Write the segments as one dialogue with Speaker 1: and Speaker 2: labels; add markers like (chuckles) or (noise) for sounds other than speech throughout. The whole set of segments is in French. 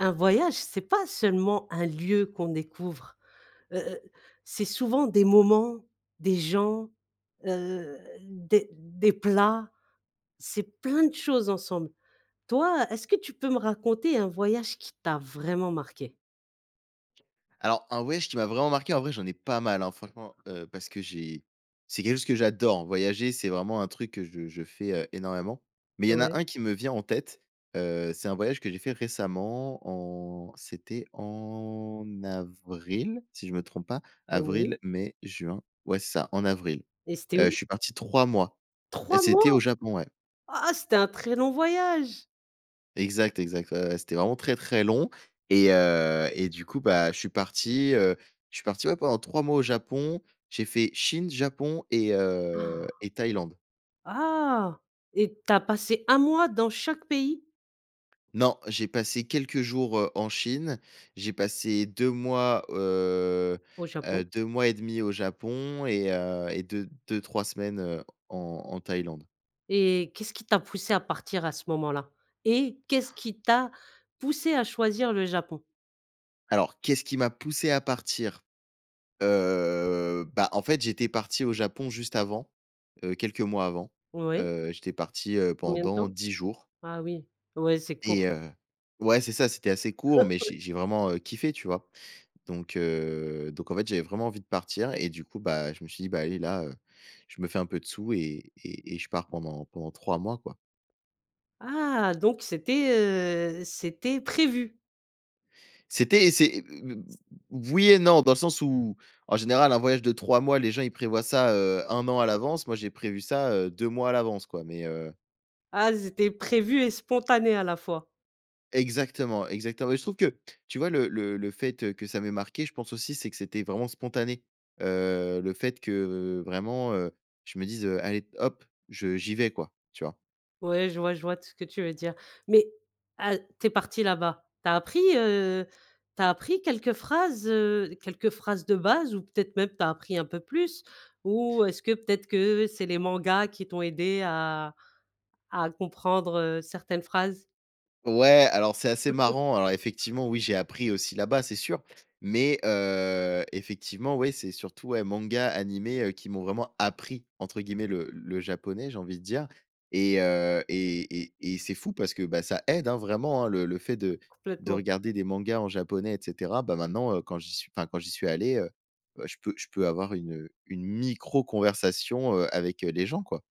Speaker 1: Un voyage, c'est pas seulement un lieu qu'on découvre. Heu heu, c'est souvent des moments, des gens, heu, des des plats, c'est plein de choses ensemble. Toi, est-ce que tu peux me raconter un voyage qui t'a vraiment marqué?
Speaker 2: Alors, un voyage qui m'a vraiment marqué, en vrai, j'en ai pas mal hein, franchement, heu, parce que j'ai c'est quelque chose que j'adore. Voyager, c'est vraiment un truc que je je fais, heu, énormément. Mais il y en a
Speaker 1: Ouais.
Speaker 2: 1 qui me vient en tête. Heu, c'est un voyage que j'ai fait récemment en c'était en avril, si je me trompe pas.
Speaker 1: Oui.
Speaker 2: Avril, mai, juin, ouais, c'est ça, en avril.
Speaker 1: Et c'était
Speaker 2: Heu, je
Speaker 1: où?
Speaker 2: suis parti 3 mois et
Speaker 1: 3
Speaker 2: c'était
Speaker 1: mois!
Speaker 2: au Japon, ouais.
Speaker 1: Ah ah c'était un très long voyage!
Speaker 2: Exact, exact. Ouais ouais, c'était vraiment très très long et heu, et du coup bah, je suis parti, heu, je suis parti ouais, pendant 3 mois au Japon, j'ai fait Chine, Japon et heu,
Speaker 1: (gasps)
Speaker 2: et Thaïlande.
Speaker 1: Ah et tu as passé 1 mois dans chaque pays?
Speaker 2: Non, j'ai passé quelques jours, heu, en Chine, j'ai passé 2 mois, heu
Speaker 1: Au Japon.
Speaker 2: heu, 2 mois et 1/2 au Japon et heu, et 2- deux-trois semaines, heu, en en Thaïlande.
Speaker 1: Et qu'est-ce qui t'a poussé à partir à ce moment-là et qu'est-ce qui t'a poussé à choisir le Japon?
Speaker 2: Alors, qu'est-ce qui m'a poussé à partir? Heu, bah en fait, j'étais parti au Japon juste avant. Heu, quelques mois avant.
Speaker 1: Ouais.
Speaker 2: Heu, j'étais parti, heu,
Speaker 1: Combien de
Speaker 2: pendant
Speaker 1: temps?
Speaker 2: 10 jours
Speaker 1: Ah oui, ouais, c'est court.
Speaker 2: et heu ouais, c'est ça, c'était assez court, mais
Speaker 1: Ouais.
Speaker 2: j'ai j'ai vraiment, heu, kiffé, tu vois? Donc, heu, donc en fait, j'avais vraiment envie de partir et du coup, bah, je me suis dit: «Bah, allez là, heu, je me fais un peu de sous et et et je pars pendant pendant 3 mois, quoi».
Speaker 1: Ah, donc c'était, heu, c'était prévu.
Speaker 2: C'était et c'est oui et non dans le sens où, en général, un voyage de 3 mois, les gens ils prévoient ça, heu, 1 an, à l'avance. Moi j'ai prévu ça, heu, 2 mois à l'avance, quoi, mais, heu
Speaker 1: Ah, c'était prévu et spontané, à la fois?
Speaker 2: Exactement, exactement, mais je trouve que tu vois? Le le le fait que ça m'ait marqué, je pense aussi, c'est que c'était vraiment spontané. Heu, le fait que vraiment, heu, je me dise, heu: «Allez hop, je j'y vais quoi», tu vois?
Speaker 1: Ouais, je vois je vois tout ce que tu veux dire, mais a tu es parti là-bas, tu as appris, heu, tu as appris quelques phrases, heu, quelques phrases de base ou peut-être même, tu as appris un peu plus ou est-ce que peut-être que c'est les mangas qui t'ont aidé à à comprendre certaines phrases?
Speaker 2: Ouais, alors c'est assez
Speaker 1: (chuckles)
Speaker 2: marrant alors effectivement oui, j'ai appris aussi là-bas, c'est sûr. Mais heu, effectivement ouais, c'est surtout ouais, mangas, animés, heu, qui m'ont vraiment «appris» entre guillemets le le japonais, j'ai envie de dire et heu, et et et c'est fou parce que bah, ça aide, hein, vraiment hein. Le le fait de de
Speaker 1: Complètement.
Speaker 2: regarder des mangas en japonais et cetera, bah maintenant, heu, quand j'y suis enfin quand j'y suis allé, heu, bah je peux je peux avoir une, heu, une micro conversation, heu, avec, heu, les gens quoi.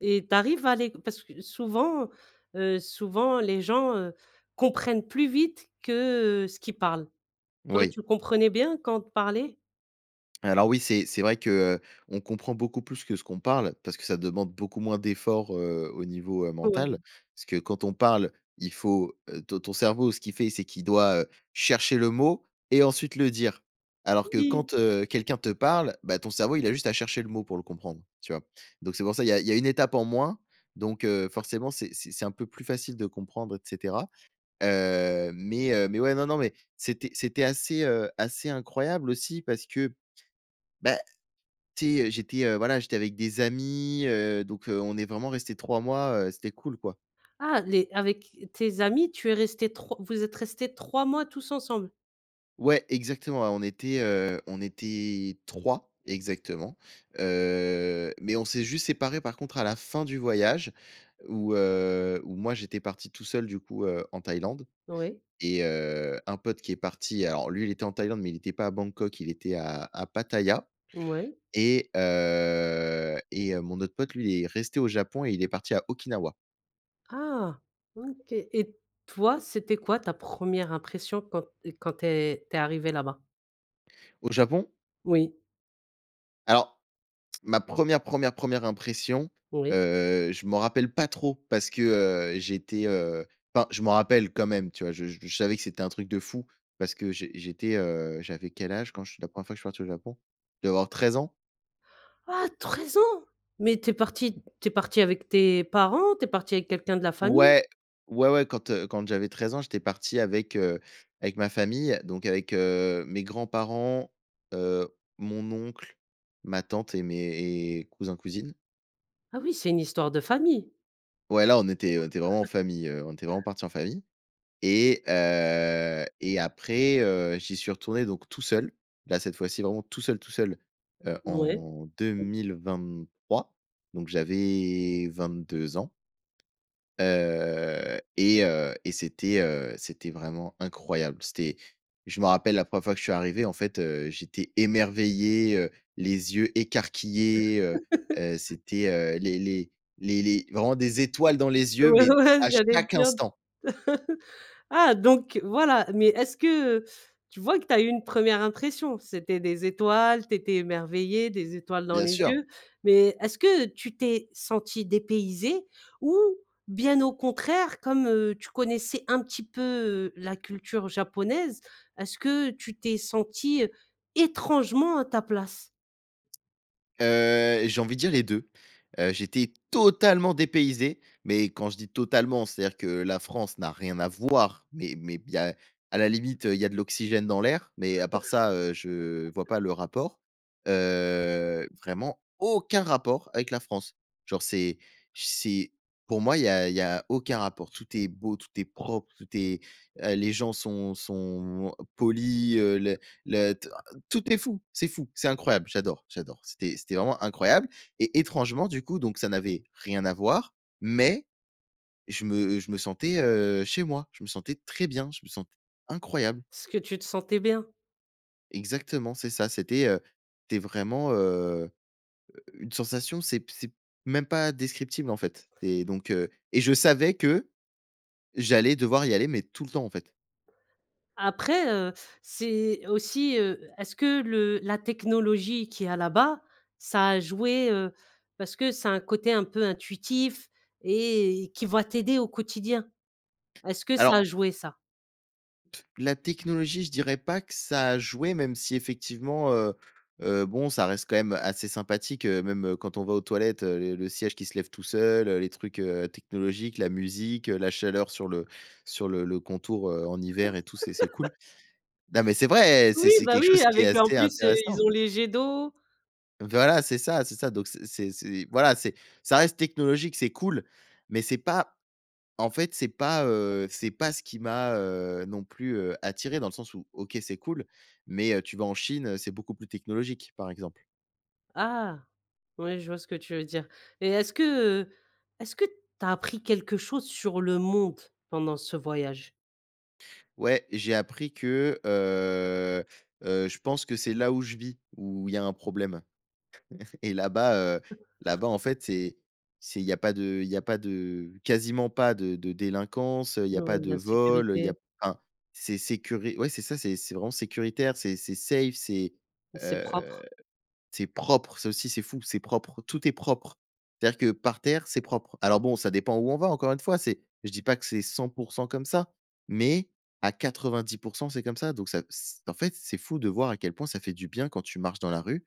Speaker 1: Et tu arrives à les q parce que souvent, heu, souvent les gens, heu, comprennent plus vite que, heu, ce qu'ils parlent. Toi
Speaker 2: Oui.
Speaker 1: tu comprenais bien quand on te parlait?
Speaker 2: Alors oui, c'est c'est vrai qu'on comprend beaucoup plus que ce qu'on parle, parce que ça demande beaucoup moins d'effort, heu, au niveau, heu, mental.
Speaker 1: Ouais.
Speaker 2: Parce que quand on parle, il faut, heu ton ton cerveau, ce qu'il fait, c'est qu'il doit, heu, chercher le mot et ensuite le dire. Alors que
Speaker 1: Oui!
Speaker 2: quand, heu, quelqu'un te parle, bah ton cerveau il a juste à chercher le mot pour le comprendre, tu vois? Donc c'est pour ça, il y a il y a 1 étape en moins. Donc heu, forcément, c'est c'est c'est un peu plus facile de comprendre et cetera. Heu, mais, heu, mais ouais non non mais c'était c'était assez, heu, assez incroyable aussi parce que bah, tu sais, heu, j'étais, heu, voilà, j'étais avec des amis, heu, donc heu, on est vraiment resté 3 mois, heu, c'était cool quoi.
Speaker 1: Ah! Les avec tes amis tu es resté 3 vous êtes resté 3 mois tous ensemble?
Speaker 2: Ouais, exactement, ouais, on était, heu, on était 3 exactement. Heu, mais on s'est juste séparés, par contre à la fin du voyage, où, heu, où moi, j'étais parti tout seul, du coup, heu, en Thaïlande
Speaker 1: Oui.
Speaker 2: et heu, un pote qui est parti, alors lui, il était en Thaïlande, mais il était pas à Bangkok, il était à à Pattaya.
Speaker 1: Moui.
Speaker 2: Et heu et heu, mon autre pote, lui, il est resté au Japon et il est parti à Okinawa.
Speaker 1: Ah! OK et toi, c'était quoi ta 1re impression quand quand tu es tu es arrivé là-bas?
Speaker 2: Au Japon?
Speaker 1: Oui.
Speaker 2: Alors, ma 1re, 1re, 1re, impression,
Speaker 1: Oui.
Speaker 2: heu, je m'en rappelle pas trop parce que, heu, j'étais, heu enfin, je m'en rappelle quand même, tu vois? Je je savais que c'était un truc de fou parce que j'é j'étais, heu, j'avais quel âge quand je suis la 1re fois que je suis parti au Japon? Je devais avoir 13 ans.
Speaker 1: Ah! 13 ans? mais tu es parti tu es parti avec tes parents? Tu es parti avec quelqu'un de la famille?
Speaker 2: Ouais, ouais, ouais, quand, heu, quand j'avais 13 ans, j'étais parti avec, heu, avec ma famille donc avec, heu, mes grands-parents, heu, mon oncle, ma tante et mes et cousins, cousines.
Speaker 1: Ah oui, c'est une histoire de famille.
Speaker 2: Ouais là, on était on était vraiment en
Speaker 1: (chuckles)
Speaker 2: famille, heu, on était vraiment parti en famille et heu et après, heu, j'y suis retourné, donc tout seul, là, cette fois-ci vraiment tout seul, tout seul, heu,
Speaker 1: Ouais.
Speaker 2: en 2023. Donc j'avais 22 ans heu et heu et c'était, heu, c'était vraiment incroyable. C'était je me rappelle la 1re fois que je suis arrivé, en fait, heu, j'étais émerveillé, heu, les yeux écarquillés, heu
Speaker 1: (chuckles)
Speaker 2: heu, c'était, heu, les les les les vraiment des étoiles dans les yeux,
Speaker 1: Ouais,
Speaker 2: mais,
Speaker 1: ouais,
Speaker 2: à
Speaker 1: j'allais le
Speaker 2: chaque
Speaker 1: dire.
Speaker 2: instant!
Speaker 1: (chuckles) Ah, donc voilà, mais, est-ce que, heu tu vois que tu as eu une 1re impression? C'était des étoiles, tu étais émerveillé, des étoiles dans
Speaker 2: Bien
Speaker 1: les
Speaker 2: sûr.
Speaker 1: yeux. Mais est-ce que tu t'es senti dépaysé? Ou bien au contraire comme, heu, tu connaissais un petit peu, heu, la culture japonaise. Est-ce que tu t'es senti étrangement à ta place?
Speaker 2: Heu, j'ai envie de dire les 2. Heu, j'étais totalement dépaysé, mais quand je dis totalement, c'est-à-dire que la France n'a rien à voir, mais mais il y a à la limite, heu, il y a de l'oxygène dans l'air, mais à part ça, heu, je vois
Speaker 1: (chuckles)
Speaker 2: pas le rapport. Heu, vraiment aucun rapport avec la France. Genre c'est j c'est pour moi, il y a il y a aucun rapport. Tout est beau, tout est propre, tout est, heu, les gens sont sont moi polis, heu, le le t tout est fou, c'est fou! C'est incroyable! J'adore, j'adore. C'était c'était vraiment incroyable et étrangement du coup, donc ça n'avait rien à voir, mais je me je me sentais, heu, chez moi. Je me sentais très bien, je me sentais incroyable.
Speaker 1: Parce que tu te sentais bien.
Speaker 2: Exactement, c'est ça, c'était, heu, c'était vraiment, heu, u une sensation, c'est p c'est même pas, descriptible en fait et donc heu et je savais que j'allais devoir y aller, mais tout le temps en fait.
Speaker 1: Après, heu, c'est aussi, heu, est-ce que le la technologie, qu'il y a là-bas, ça a joué, heu? Parce que c'est un côté un peu intuitif et qui va t'aider au quotidien. Est-ce que ça a
Speaker 2: Alors
Speaker 1: joué, ça?
Speaker 2: la technologie, je dirais pas que ça a joué, même si effectivement, heu heu, bon, ça reste quand même assez sympathique, heu, même quand on va aux toilettes, heu, le le siège qui se lève tout seul, heu, les trucs, heu, technologiques, la musique, heu, la chaleur sur le sur le le contour, heu, en hiver et tout, c'est c'est cool.
Speaker 1: (laughs)
Speaker 2: Non mais c'est vrai! C'est
Speaker 1: Oui,
Speaker 2: c'est
Speaker 1: bah
Speaker 2: quelque
Speaker 1: oui,
Speaker 2: chose qui est
Speaker 1: avec en
Speaker 2: assez
Speaker 1: plus, heu,
Speaker 2: intéressant.
Speaker 1: ils ont les jets d'eau.
Speaker 2: Voilà, c'est ça, c'est ça, donc c'est c'est c'est voilà, c'est ça reste technologique, c'est cool mais c'est pas en fait, c'est pas, heu, c'est pas ce qui m'a, heu, non plus, heu, attiré dans le sens où, OK, c'est cool mais, heu, tu vas en Chine, heu, c'est beaucoup plus technologique par exemple.
Speaker 1: Ah! Ouais, je vois ce que tu veux dire. Et est-ce que, heu, est-ce que tu as appris quelque chose sur le monde, pendant ce voyage?
Speaker 2: Ouais, j'ai appris que, heu heu je pense que c'est là où je vis, où il y a un problème. (chuckles) Et là-bas, heu,
Speaker 1: (chuckles)
Speaker 2: là-bas, en fait, c'est c'est il y a pas de il y a pas de quasiment pas de de délinquance, heu, il y
Speaker 1: Ouais,
Speaker 2: a pas
Speaker 1: ouais,
Speaker 2: de vol, heu, il y a
Speaker 1: l'insécurité.
Speaker 2: enfin, c'est sécuri ouais, c'est ça, c'est c'est vraiment sécuritaire. C'est c'est safe, c'est,
Speaker 1: Et c'est
Speaker 2: heu,
Speaker 1: propre.
Speaker 2: c'est propre. Ça aussi, c'est fou, c'est propre, tout est propre. C'est-à-dire que, par terre, c'est propre. Alors, bon, ça dépend où on va, encore une fois, c'est je dis pas que c'est 100 % comme ça, mais à 90 % c'est comme ça. Donc ça, c en fait, c'est fou de voir, à quel point ça fait du bien, quand tu marches dans la rue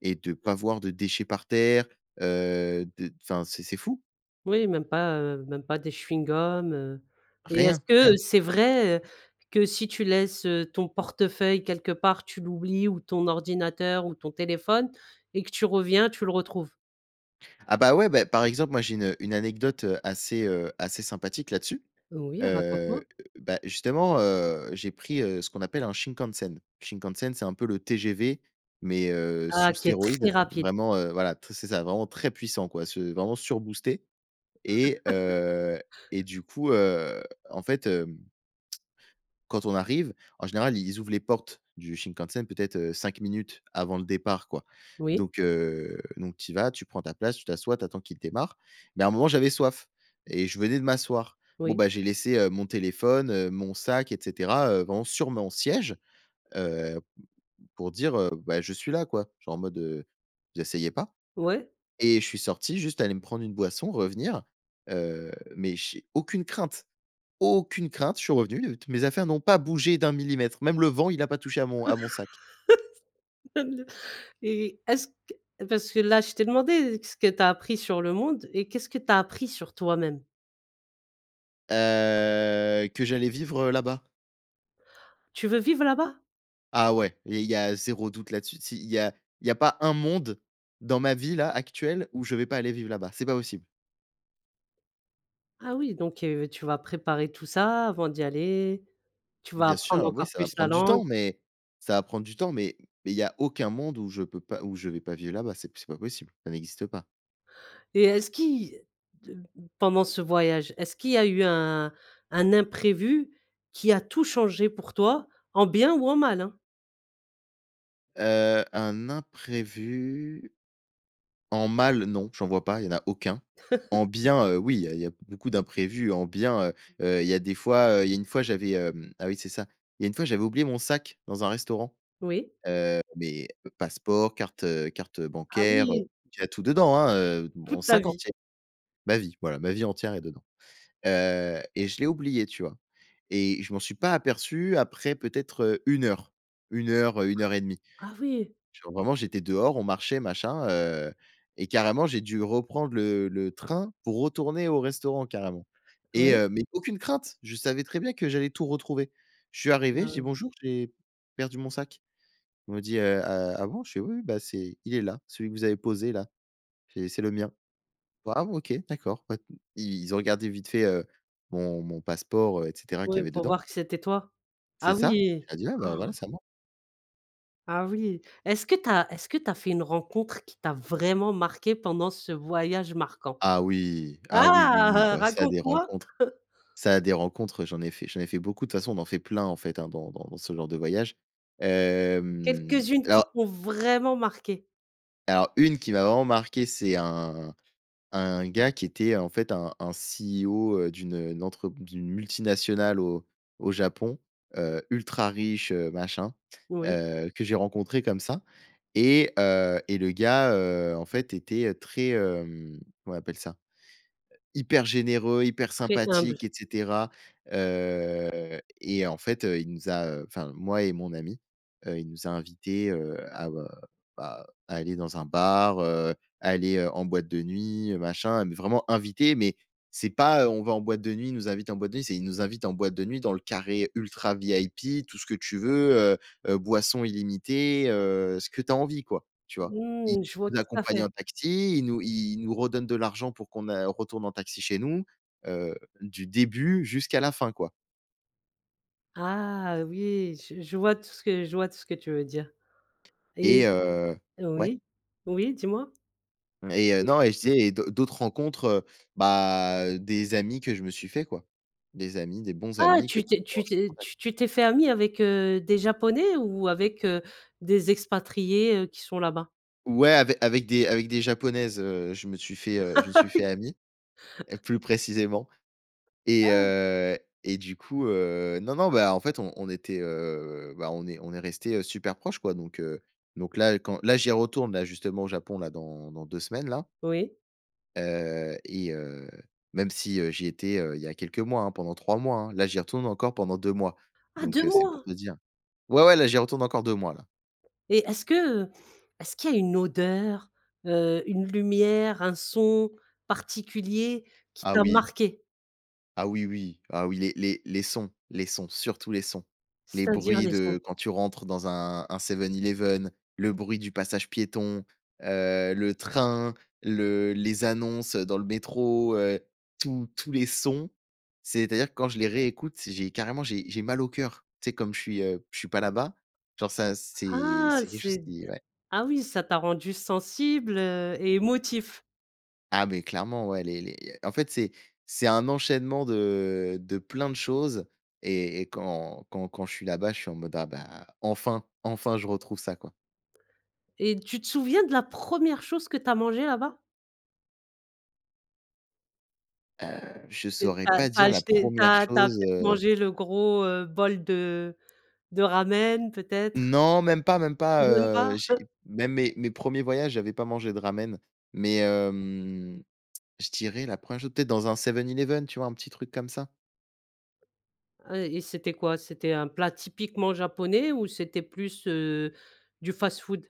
Speaker 2: et de pas voir de déchets par terre, heu, de enfin, c'est c'est fou.
Speaker 1: Oui, même pas, heu, même pas des chewing-gum, heu et est-ce
Speaker 2: Rien,
Speaker 1: que
Speaker 2: rien.
Speaker 1: c'est vrai que si tu laisses, heu, ton portefeuille quelque part, tu l'oublies, ou ton ordinateur ou ton téléphone et que tu reviens, tu le retrouves?
Speaker 2: Ah, bah, ouais, beh, par exemple, moi, j'ai une une anecdote, heu, assez, heu, assez sympathique là-dessus.
Speaker 1: Oui,
Speaker 2: Heu,
Speaker 1: raconte-moi.
Speaker 2: bah, justement, heu, j'ai pris, heu, ce qu'on appelle un Shinkansen. Shinkansen, c'est un peu le TGV mais heu,
Speaker 1: Ah,
Speaker 2: sous
Speaker 1: qui est très
Speaker 2: stéroïdes,
Speaker 1: rapide!
Speaker 2: vraiment, heu, voilà t c'est ça, vraiment très puissant, quoi, c'est vraiment surboosté et
Speaker 1: (laughs)
Speaker 2: heu, et du coup, heu, en fait, hem quand on arrive, en général, i ils ouvrent les portes du Shinkansen, peut-être, heu, 5 minutes avant le départ, quoi
Speaker 1: Oui.
Speaker 2: donc heu, donc tu y vas, tu prends ta place, tu t'assois, tu attends qu'il démarre, mais à un moment, j'avais soif et je venais de m'asseoir. Bon,
Speaker 1: Oui.
Speaker 2: ben, j'ai laissé, heu, mon téléphone, heu, mon sac et cetera, heu, vraiment sur mon siège, heu, pour dire, heu: «Bah, je suis là, quoi». Genre, en mode, heu: «Vous asseyez pas»
Speaker 1: Ouais.
Speaker 2: et je suis sorti juste aller me prendre une boisson, revenir, heu, mais j'ai aucune crainte, aucune crainte. Je suis revenu, mes affaires n'ont pas bougé d'un millimètre, même le vent, il a pas touché à mon à mon sac.
Speaker 1: (laughs) Même le et est-ce qu parce que là, je t'ai demandé qu'est-ce que tu as appris sur le monde et qu'est-ce que tu as appris sur toi-même?
Speaker 2: Heu, que j'allais vivre là-bas.
Speaker 1: Tu veux vivre là-bas?
Speaker 2: Ah, ouais et il y a 0 doute là-dessus. Tu sais? Il y a il y a pas un monde dans ma vie-là, actuelle où je vais pas aller vivre là-bas, c'est pas possible.
Speaker 1: Ah, oui donc heu, v tu vas préparer tout ça, avant d'y aller. Tu vas
Speaker 2: Bien
Speaker 1: apprendre
Speaker 2: sûr, oui,
Speaker 1: encore
Speaker 2: ça va
Speaker 1: plus la
Speaker 2: prendre du
Speaker 1: langue.
Speaker 2: temps, mais ça va prendre du temps, mais mais il y a aucun monde où je peux pas où je vais pas vivre là-bas. C'est p c'est pas possible, ça n'existe pas.
Speaker 1: Et est-ce qui de pendant ce voyage, est-ce qu'il y a eu un un imprévu qui a tout changé pour toi, en bien ou en mal, hein?
Speaker 2: Heu, un imprévu? En mal, non, j'en vois pas. Il y en a aucun. En
Speaker 1: (chuckles)
Speaker 2: bien, heu, oui, il y a il y a beaucoup d'imprévus en bien. Heu heu, il y a des fois, heu, il y a une fois, j'avais, hem ah, oui, c'est ça. Il y a une fois, j'avais oublié mon sac dans un restaurant.
Speaker 1: Oui.
Speaker 2: Heu, mes passeports, cartes, heu, cartes
Speaker 1: Ah,
Speaker 2: bancaires, heu c
Speaker 1: oui.
Speaker 2: il y a tout dedans, hein, heu, mon
Speaker 1: Toute ta
Speaker 2: sac
Speaker 1: vie.
Speaker 2: entier. Ma vie, voilà, ma vie entière est dedans. Heu et je l'ai oublié, tu vois? Et je m'en suis pas aperçu après, peut-être, heu, 1 heure, 1 heure, heu, 1 heure et 1/2.
Speaker 1: Ah, oui.
Speaker 2: Genre, vraiment, j'étais dehors, on marchait, machin, heu et carrément, j'ai dû reprendre le le train pour retourner au restaurant, carrément et
Speaker 1: Oui.
Speaker 2: heu mais aucune crainte. Je savais très bien que j'allais tout retrouver. Je suis
Speaker 1: Ah
Speaker 2: arrivé, je dis:
Speaker 1: ouais.
Speaker 2: «Bonjour, j'ai perdu mon sac». Ils m'ont dit: «Heu, ah, ah bon» je fais: «Oui, oui, bah c'est il est là, celui que vous avez posé là, c'est c'est le mien, "ah, bon, OK, d'accord" pas», ils ont regardé vite fait, heu, mon mon passeport, heu et cetera qu'il
Speaker 1: Oui,
Speaker 2: y avait
Speaker 1: pour
Speaker 2: dedans.
Speaker 1: voir que c'était toi. Ah
Speaker 2: C'est ça. Je
Speaker 1: oui!
Speaker 2: leur ai dit: «Ouais, bah, voilà,
Speaker 1: (gasps)
Speaker 2: c'est à moi».
Speaker 1: Ah oui. Est-ce que tu as est-ce que tu as fait une rencontre qui t'a vraiment marqué pendant ce voyage marquant?
Speaker 2: Ah oui,
Speaker 1: Ah!
Speaker 2: ah oui, oui, oui,
Speaker 1: (chuckles)
Speaker 2: bah ça, des
Speaker 1: Raconte-moi.
Speaker 2: rencontres
Speaker 1: (chuckles)
Speaker 2: ça, des rencontres, j'en ai fait j'en ai fait beaucoup de toute façon, on en fait plein, en fait, hein dans dans dans ce genre de voyage, hem,
Speaker 1: Quelques-unes qui
Speaker 2: alors
Speaker 1: t'ont vraiment marqué.
Speaker 2: alors 1 qui m'a vraiment marquée, c'est un un gars qui était en fait un un CEO, heu, d'une, heu, n entre d'une multinationale au au Japon, heu, ultra riche, heu, machin,
Speaker 1: Oui.
Speaker 2: heu, que j'ai rencontré comme ça et heu et le gars, heu, en fait était très, hem, comment on appelle ça? Hyper généreux, hyper
Speaker 1: Très humble.
Speaker 2: sympathique et cetera. Heu et en fait heu, il nous a, heu, enfin, moi et mon ami, heu, il nous a invités, heu, à, heu, bah heu, aller dans un bar, heu, aller en boîte de nuit, heu, machin. Mais vraiment invités, mais c'est pas, heu, on va en boîte de nuit, il nous invite en boîte de nuit, c'est, il nous invite en boîte de nuit dans le carré ultra VIP, tout ce que tu veux, heu heu, boissons illimitées, heu, ce que tu as envie quoi, tu vois?
Speaker 1: Mmh, je vois
Speaker 2: Il
Speaker 1: tout à
Speaker 2: accompagne
Speaker 1: fait.
Speaker 2: en taxi, il nous il nous redonne de l'argent pour qu'on a retourne en taxi chez nous, heu, du début jusqu'à la fin, quoi.
Speaker 1: Ah, oui! Je je vois tout ce que je vois tout ce que tu veux dire et
Speaker 2: Et heu
Speaker 1: heu,
Speaker 2: ouais?
Speaker 1: oui? Oui, dis-moi?
Speaker 2: Et heu,
Speaker 1: Oui.
Speaker 2: non et je disais et d'autres d'autres rencontres, heu, bah, des amis que je me suis faits, quoi. Des amis, des bons
Speaker 1: Ah!
Speaker 2: amis que
Speaker 1: Tu t'es tu
Speaker 2: (unintelligible) en
Speaker 1: t'es
Speaker 2: contact.
Speaker 1: tu t'es fait ami avec heu, des Japonais ou avec, heu, des expatriés, heu, qui sont là-bas?
Speaker 2: Ouais, ave avec des avec des Japonaises, heu, je me suis fait, heu, je me suis
Speaker 1: (laughs)
Speaker 2: fait
Speaker 1: Oui.
Speaker 2: ami, heu, plus précisément et
Speaker 1: Ah!
Speaker 2: heu et du coup, heu non, non, bah, en fait, on on était, heu, bah, on est on est restés, heu, super proches, quoi donc heu, donc là, quand là, j'y retourne, là, justement au Japon, là, dans dans 2 semaines, là.
Speaker 1: Oui.
Speaker 2: Heu et heu, même si, heu, j'y étais, heu, il y a quelques mois, hein, pendant 3 mois, hein. Là, j'y retourne encore pendant 2 mois
Speaker 1: Ah
Speaker 2: donc
Speaker 1: 2
Speaker 2: heu, c'est pour
Speaker 1: mois!
Speaker 2: te dire. Ouais, ouais, là, j'y retourne encore 2 mois, là.
Speaker 1: Et est-ce que, heu, est-ce qu'il y a une odeur, heu, une lumière, un son particulier qui
Speaker 2: Ah,
Speaker 1: t'a
Speaker 2: oui.
Speaker 1: marqué?
Speaker 2: Ah, oui, oui. Ah, oui, les les les sons les sons, surtout les sons. Les
Speaker 1: C'est-à-dire
Speaker 2: bruits
Speaker 1: des sons?
Speaker 2: de quand tu rentres dans un un Seven Eleven, le bruit du passage piéton, heu, le train, le les annonces, heu, dans le métro, heu, tous tous les sons. C'est-à-dire que quand je les réécoute, j'ai carrément, j'ai j'ai mal au cœur. Tu sais? Comme je suis, heu, je suis pas là-bas. Genre, ça c'est
Speaker 1: Ah!
Speaker 2: c'est quelque chose
Speaker 1: C'est d
Speaker 2: qui ouais.
Speaker 1: ah oui, ça t'a rendu sensible, heu et émotif.
Speaker 2: Ah mais clairement, ouais, les les en fait, c'est c'est un enchaînement de de plein de choses et et quand quand quand je suis là-bas, je suis en mode: «Ah, bah, enfin, enfin, je retrouve ça», quoi.
Speaker 1: Et tu te souviens de la 1re chose que tu as mangée là-bas?
Speaker 2: Heu, je
Speaker 1: Et tu
Speaker 2: saurais
Speaker 1: as tu
Speaker 2: pas
Speaker 1: as
Speaker 2: dire la
Speaker 1: acheté, tu
Speaker 2: 1re
Speaker 1: as tu as
Speaker 2: chose,
Speaker 1: peut-être
Speaker 2: heu.
Speaker 1: mangé le gros, heu, bol de de ramen peut-être?
Speaker 2: Non, même pas, même pas,
Speaker 1: Même pas?
Speaker 2: heu, j'ai
Speaker 1: (chuckles)
Speaker 2: même mes mes 1ers voyages, j'avais pas mangé de ramen, mais hem, je dirais, la 1re chose, peut-être dans un Seven Eleven, tu vois? Un petit truc comme ça.
Speaker 1: Heu, et c'était quoi? C'était un plat typiquement japonais ou c'était plus, heu, du fast food?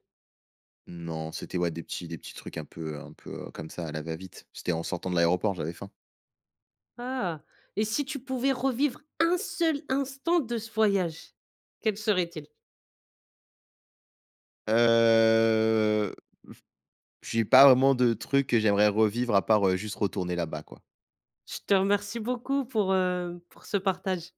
Speaker 2: Non, c'était ouais, des petits des petits trucs un peu, heu, un peu, heu, comme ça, à la va-vite. C'était en sortant de l'aéroport, j'avais faim.
Speaker 1: Ah! Et si tu pouvais revivre 1 seul instant de ce voyage, quel serait-il?
Speaker 2: Heu, (blows air) Je suis pas vraiment de truc que j'aimerais revivre à part, heu, juste retourner là-bas, quoi.
Speaker 1: Je te remercie beaucoup pour, heu, pour ce partage.